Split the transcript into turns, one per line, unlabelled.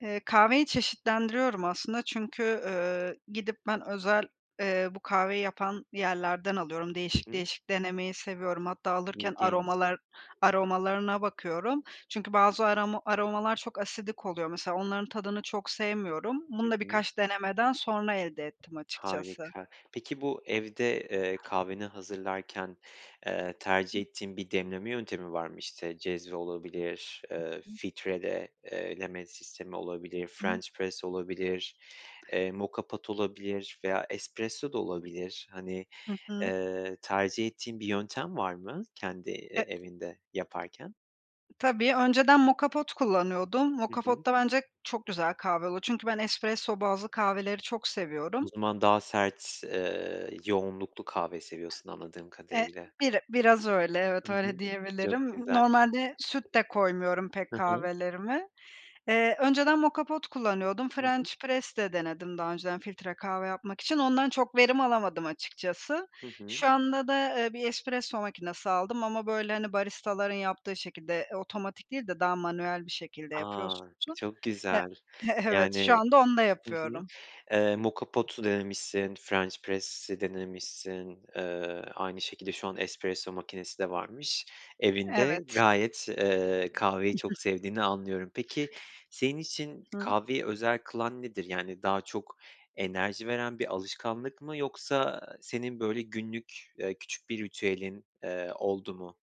Eee, kahveyi çeşitlendiriyorum aslında çünkü, ııı, gidip ben özel, eee, bu kahveyi yapan yerlerden alıyorum.
Hı
Değişik
hı.
değişik denemeyi seviyorum. Hatta alırken
İlginç.
aromalar aromalarına bakıyorum. Çünkü bazı aroma aromalar çok asidik oluyor. Mesela, onların tadını çok sevmiyorum.
Hı
Bunu da
hı.
birkaç denemeden sonra elde ettim açıkçası.
Harika. Peki, bu evde, eee, kahveni hazırlarken, eee, tercih ettiğin bir demleme yöntemi var mı? İşte, cezve olabilir, eee, filtreleme olabilir,
I hı.
french press olabilir, eee, moka pot olabilir veya espresso da olabilir. Hani,
Hı hı.
eee, tercih ettiğin bir yöntem var mı, kendi, eee,
E
evinde yaparken?
Tabii, önceden moka pot kullanıyordum.
Hı
Moka
hı.
pot'ta bence çok güzel kahve oluyor. Çünkü ben espresso bazlı kahveleri çok
O
seviyorum.
zaman daha sert, eee, yoğunluklu kahve seviyorsun, anladığım
Eee,
kadarıyla.
bir biraz öyle, evet,
Hı hı.
öyle
Çok
diyebilirim.
güzel.
Normalde süt de koymuyorum pek
Hı hı.
kahvelerime. Eee, önceden moka pot kullanıyordum.
Hı hı.
French press de denedim daha önceden filtre kahve yapmak için. Ondan çok verim alamadım açıkçası.
Hı hı.
Şu anda da, eee, bir espresso makinesi aldım ama, böyle, hani, baristaların yaptığı şekilde otomatik değil de daha manuel bir şekilde
A,
yapıyorsun.
çok
E
güzel!
evet,
Yani,
şu anda onda
hı hı.
yapıyorum.
Eee, moka pot'u denemişsin, french press'i denemişsin, Eee aynı şekilde şu an espresso makinesi de varmış evinde.
Evet.
Gayet, eee, kahveyi çok sevdiğini anlıyorum. Peki, senin için
Hıı.
kahveyi özel kılan nedir? Yani, daha çok enerji veren bir alışkanlık mı yoksa senin böyle günlük, eee, küçük bir ritüelin, eee, oldu mu?